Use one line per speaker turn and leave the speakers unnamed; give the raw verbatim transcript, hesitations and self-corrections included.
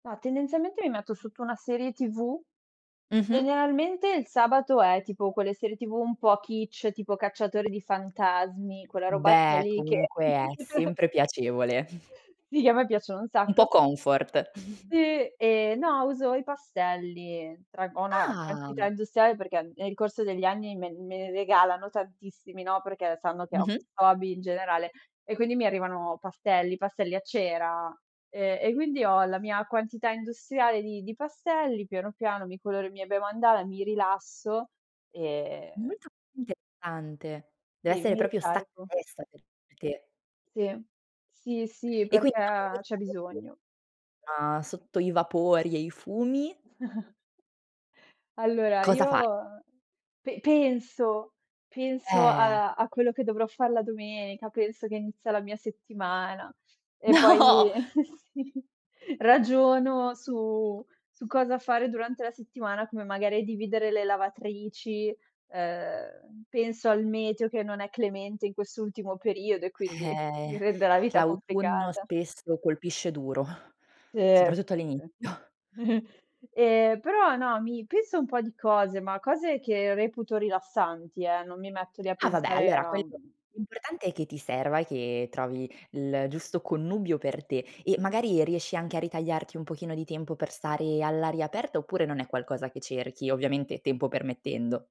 Ma, tendenzialmente, mi metto sotto una serie TV.
Mh-mh.
Generalmente, il sabato è, tipo, quelle serie TV un po' Kitsch, tipo cacciatore di fantasmi, quella robaccia
Beh,
lì che
comunque è sempre piacevole.
Sì, che a me piacciono un
Un po'
sacco.
comfort.
Sì, e no, uso i pastelli. Traggo una quantità
Ah!
industriale perché, nel corso degli anni, me me ne regalano tantissimi, no, perché sanno che ho
Mh-mh.
questo hobby in generale e quindi mi arrivano pastelli, pastelli a cera, ehm, e quindi ho la mia quantità industriale di di pastelli, piano, piano, mi coloro i miei bei mandala, mi rilasso e
Molto intessante, deve
Sì,
essere
mi
propio stacca
ricarico.
la testa per te.
Sì, sì, sì,
E quindi dopo
perché
questa
c'è bisogno.
[unintelligible] ah, sotto i vapori e i fumi
Allora
cosa fa?
io pe penso, penso
Eh.
alla a quello che dovrò fare la domenica, penso che inizia la mia settimana e poi
No.
sì, ragiono su su cosa fare durante la settimana, come magari dividere le lavatrici, ehm, penso al meteo, che non è clemente in quest'ultimo periodo e quindi mi
Eh,
rende la vita
l'autunno
complicata.
spesso colpisce duro,
Sì.
soprattutto
[unintelligible]
all'inizio.
Ehm, però no, mi penso un po' di cose, ma cose che reputo rilassanti, eh, non mi metto lì a
Ah, vabbè,
pensare
allora,
a
quello, l'importante è che ti serva e che trovi il giusto connubio per te e magari riesci anche a ritagliarti un pochino di tempo per stare all'aria aperta oppure non è qualcosa che cerchi, ovviamente, tempo permettendo?